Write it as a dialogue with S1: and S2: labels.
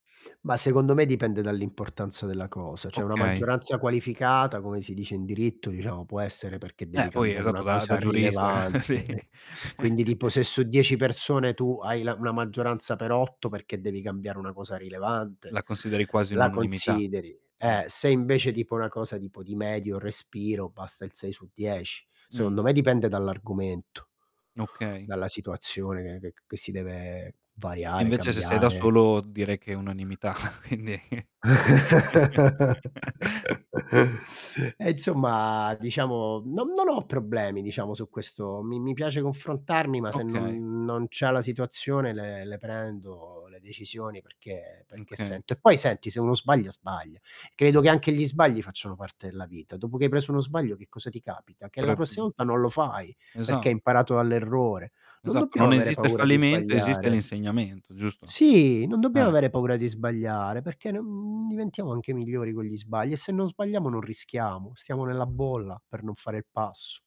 S1: Mah, secondo me dipende dall'importanza della cosa. Cioè, una
S2: Okay.
S1: maggioranza qualificata, come si dice in diritto diciamo, può essere perché
S2: Eh,
S1: devi
S2: poi
S1: cambiare una
S2: esatto, da da
S1: cosa
S2: giurista, eh,
S1: rilevante,
S2: sì.
S1: eh Quindi, tipo: se su 10 persone tu hai la una maggioranza per 8, perché devi cambiare una cosa rilevante,
S2: La consideri quasi un'
S1: la
S2: unanimità.
S1: consideri,
S2: Mh.
S1: eh, se invece tipo una cosa tipo di medio respiro basta il 6 su 10.
S2: Mh.
S1: Secondo me dipende dall'argomento,
S2: Okay.
S1: dalla situazione che che ch che si deve
S2: E
S1: variare,
S2: invece, se sei da
S1: cambiare.
S2: solo direi che è unanimità. Quindi
S1: E insomma, diciamo, non m non ho problemi diciamo su questo. Mi mi piace confrontarmi, ma se
S2: Okay.
S1: non non c'ha la situazione le le prendo le decisioni, perché
S2: Uhm,
S1: perché
S2: okay.
S1: sento e poi, senti, se uno sbaglia, sbaglia. Credo che anche gli sbagli facciano parte della vita. Dopo che hai preso uno sbaglio che cosa ti capita, che la
S2: Però, è
S1: prossima volta
S2: [unintelligible]
S1: non lo fai, perché
S2: esatto.
S1: hai imparato all'errore. Non
S2: Esatto,
S1: dobbiamo
S2: non
S1: avere
S2: esiste il
S1: paura di
S2: fallimento, esiste
S1: sbagliare.
S2: l'insegnamento, giusto.
S1: Sì, non dobbiamo
S2: Eh-eh.
S1: avere paura di sbagliare perché ne mhmm, diventiamo anche migliori con gli sbagli e se non sbagliamo non rischiamo, stiamo nella bolla per non fare il passo.